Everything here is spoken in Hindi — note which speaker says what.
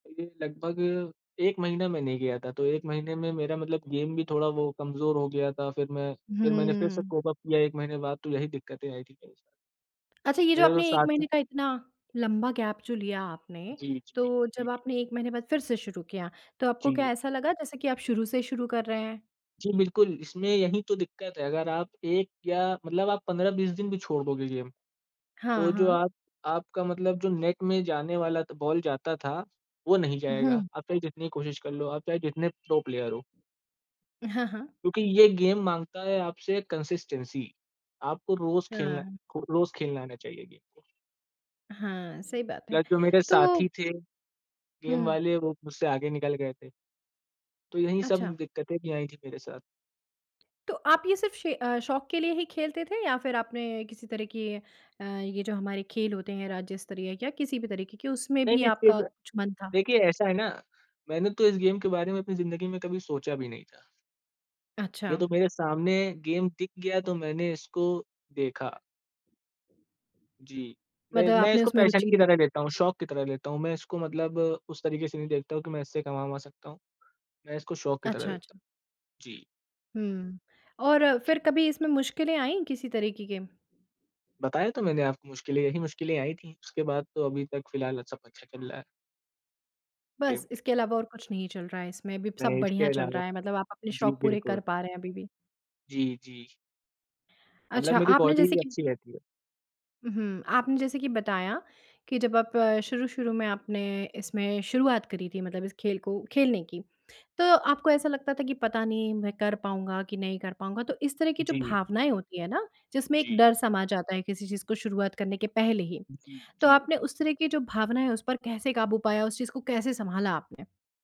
Speaker 1: ये लगभग 1 महीना मैं नहीं गया था, तो 1 महीने में मेरा मतलब गेम भी थोड़ा वो कमज़ोर हो गया था। फिर मैं फिर मैंने फिर से
Speaker 2: हुँ।
Speaker 1: कोप अप किया 1 महीने बाद तो यही दिक्कतें आई थी मेरे
Speaker 2: अच्छा, ये जो
Speaker 1: मेरे तो
Speaker 2: आपने 1
Speaker 1: साथी
Speaker 2: महीने का इतना लम्बा गैप जो लिया आपने,
Speaker 1: जी, जी,
Speaker 2: तो जब
Speaker 1: जी।
Speaker 2: आपने 1 महीने बाद फिर से शुरू किया, तो आपको क्या
Speaker 1: जी।
Speaker 2: ऐसा लगा जैसे कि आप शुरू से शुरू कर रहे हैं?
Speaker 1: जी, बिल्कुल। इसमें यही तो दिक्कत है अगर आप एक या मतलब आप 15-20 दिन भी छोड़ दोगे गेम तो
Speaker 2: हाँ,
Speaker 1: जो
Speaker 2: हाँ।
Speaker 1: आप आपका मतलब जो नेट में जाने वाला त बॉल जाता था वो नहीं
Speaker 2: हुँ।
Speaker 1: जाएगा। आप चाहें जितनी कोशिश कर लो, आप चाहें जितने प्रो प्लेयर हो।
Speaker 2: हाँ, हाँ।
Speaker 1: क्योंकि ये गेम माँगता है आपसे कंसिस्टेंसी, आपको रोज़ खेलना
Speaker 2: हाँ।
Speaker 1: खो रोज खेलना आना चाहिए गेम को।
Speaker 2: हाँ। सही बात है।
Speaker 1: प्लस जो मेरे साथी
Speaker 2: तो
Speaker 1: थे गेम
Speaker 2: हुँ।
Speaker 1: वाले वो मुझसे आगे निकल गए थे। तो यही सब
Speaker 2: अच्छा।
Speaker 1: दिक्कतें भी आई थी मेरे साथ।
Speaker 2: तो आप ये सिर्फ़ शे अ, शौक के लिए ही खेलते थे? या फिर आपने किसी तरह की अ, ये जो हमारे खेल होते हैं राज्य-स्तरीय या किसी भी तरीके के उसमें भी
Speaker 1: नहीं-नहीं फिर
Speaker 2: आपका
Speaker 1: मे
Speaker 2: कुछ मन था।
Speaker 1: देखिए ऐसा है ना, मैंने तो इस गेम के बारे में अपनी ज़िंदगी में कभी सोचा भी नहीं था। ये
Speaker 2: अच्छा।
Speaker 1: तो मेरे सामने गेम दिख गया तो मैंने इसको देखा। जी। मैं
Speaker 2: मतलब
Speaker 1: मैं
Speaker 2: आपने
Speaker 1: इसको
Speaker 2: उसमें
Speaker 1: पैशन
Speaker 2: रुचि
Speaker 1: की
Speaker 2: ली।
Speaker 1: तरह देखता हूँ, शौक की तरह लेता हूँ। मैं इसको मतलब उस तरीके से नहीं देखता हूँ कि मैं इससे कमा-अमा सकता हूँ। मैं इसको शौक की तरह
Speaker 2: अच्छा,
Speaker 1: देखता
Speaker 2: अच्छा।
Speaker 1: जी।
Speaker 2: हुँ, और फिर कभी इसमें मुश्किलें आई किसी तरीके के?
Speaker 1: बताया तो मैंने आपको मुश्किलें, यही मुश्किलें आयी थी। उसके बाद तो अभी तक फिलहाल सब अच्छा चल रहा है।
Speaker 2: बस
Speaker 1: गेम
Speaker 2: इसके अलावा और कुछ नहीं चल रहा है इसमें। अभी सब
Speaker 1: नहीं इसके
Speaker 2: बढ़िया चल
Speaker 1: अलावा
Speaker 2: रहा है, मतलब आप अपने
Speaker 1: जी,
Speaker 2: शौक पूरे कर
Speaker 1: बिल्कुल।
Speaker 2: पा रहे हैं अभी भी।
Speaker 1: जी, जी। मतलब
Speaker 2: अच्छा
Speaker 1: मेरी
Speaker 2: आपने
Speaker 1: बॉडी
Speaker 2: जैसे
Speaker 1: भी
Speaker 2: कि
Speaker 1: अच्छी रहती है।
Speaker 2: उम, हुँ। आपने जैसे कि बताया कि जब आप शुरू-शुरू में आपने इसमें शुरुआत करी थी मतलब इस खेल को खेलने की तो आपको ऐसा लगता था कि पता नहीं मैं कर पाऊँगा कि नहीं कर पाऊँगा? तो इस तरह की जो
Speaker 1: जी।
Speaker 2: भावनाएँ होती है ना जिसमें एक
Speaker 1: जी।
Speaker 2: डर समा जाता है किसी चीज़ को शुरुआत करने के पहले ही,
Speaker 1: उम,
Speaker 2: तो
Speaker 1: जी।
Speaker 2: आपने उस तरह की जो भावनाएँ उस पर कैसे काबू पाया उस चीज़ को कैसे सँभाला आपने?